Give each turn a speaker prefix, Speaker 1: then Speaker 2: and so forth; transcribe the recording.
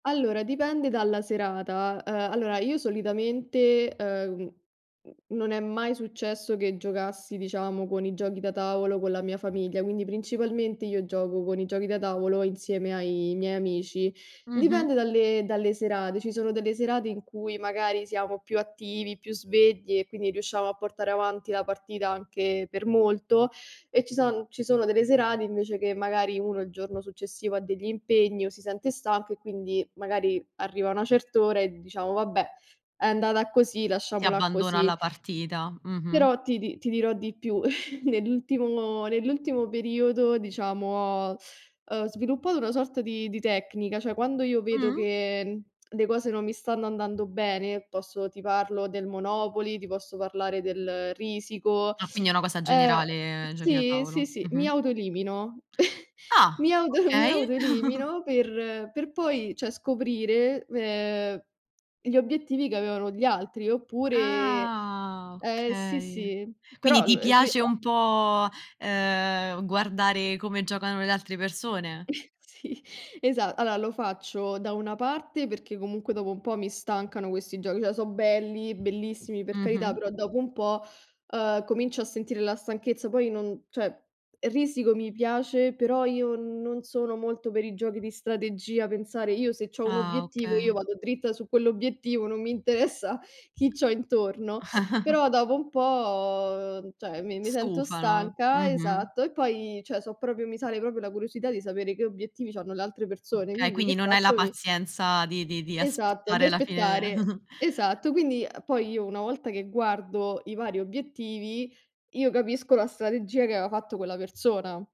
Speaker 1: Allora, dipende dalla serata. Uhm, allora io solitamente, uhm, mhmm, non è mai successo che giocassi, diciamo, con i giochi da tavolo con la mia famiglia, quindi principalmente io gioco con i giochi da tavolo insieme ai miei amici.
Speaker 2: Mh-mh.
Speaker 1: Dipende dalle dalle serate, ci sono delle serate in cui magari siamo più attivi, più svegli e quindi riusciamo a portare avanti la partita anche per molto, e ci son ci sono delle serate invece che magari uno il giorno successivo ha degli impegni o si sente stanco e quindi magari arriva una cert'ora e diciamo: "Vabbè, è andata così,
Speaker 2: Si
Speaker 1: lasciamola
Speaker 2: abbandona
Speaker 1: così."
Speaker 2: la partita, mh-mh.
Speaker 1: Però ti di ti dirò di più, nell'ultimo nell'ultimo periodo, diciamo, ho, uhm, sviluppato una sorta di di tecnica, cioè quando io vedo
Speaker 2: Mh.
Speaker 1: che le cose non mi stanno andando bene, posso ti parlo del Monopoly, ti posso parlare del Risiko,
Speaker 2: Ah, quindi è una cosa
Speaker 1: uhm
Speaker 2: generale, giochi da
Speaker 1: sì, sì,
Speaker 2: tavolo.
Speaker 1: sì, mi
Speaker 2: Mh-mh.
Speaker 1: autoelimino. Mi
Speaker 2: Ah
Speaker 1: auto mi
Speaker 2: okay.
Speaker 1: autoelimino per per poi, cioè, scoprire, uhm, gli obiettivi che avevano gli altri oppure
Speaker 2: Ah,
Speaker 1: ehm, sì,
Speaker 2: okay.
Speaker 1: sì,
Speaker 2: Quindi
Speaker 1: però,
Speaker 2: ti
Speaker 1: uhm, prima
Speaker 2: piace un po', ehm, guardare come giocano le altre persone?
Speaker 1: Sì, esat allora lo faccio da una parte perché comunque dopo un po' mi stancano questi giochi, cioè so' belli, bellissimi, per carità,
Speaker 2: Mh-mh.
Speaker 1: però dopo un po', uhm, comincio a sentire la stanchezza, poi non cioè, Risiko mi piace, però io non sono molto per i giochi di strategia, pensare. Io se c'ho un
Speaker 2: Ah,
Speaker 1: obiettivo, io
Speaker 2: okay.
Speaker 1: vado dritta su quell'obiettivo, non mi interessa chi c'ho intorno, però dopo un po', cioè, mi mi sento
Speaker 2: Stufano,
Speaker 1: stanca,
Speaker 2: mh-mh.
Speaker 1: esatto, e poi cioè so' proprio mi sale proprio la curiosità di sapere che obiettivi c'hanno le altre persone,
Speaker 2: Okay,
Speaker 1: quindi che
Speaker 2: quindi non hai la
Speaker 1: faccio? Mi
Speaker 2: pazienza di di di
Speaker 1: esatto, di
Speaker 2: aspettare la fine de
Speaker 1: aspettare. Esatto, quindi poi io una volta che guardo i vari obiettivi, io capisco la strategia che aveva fatto quella persona.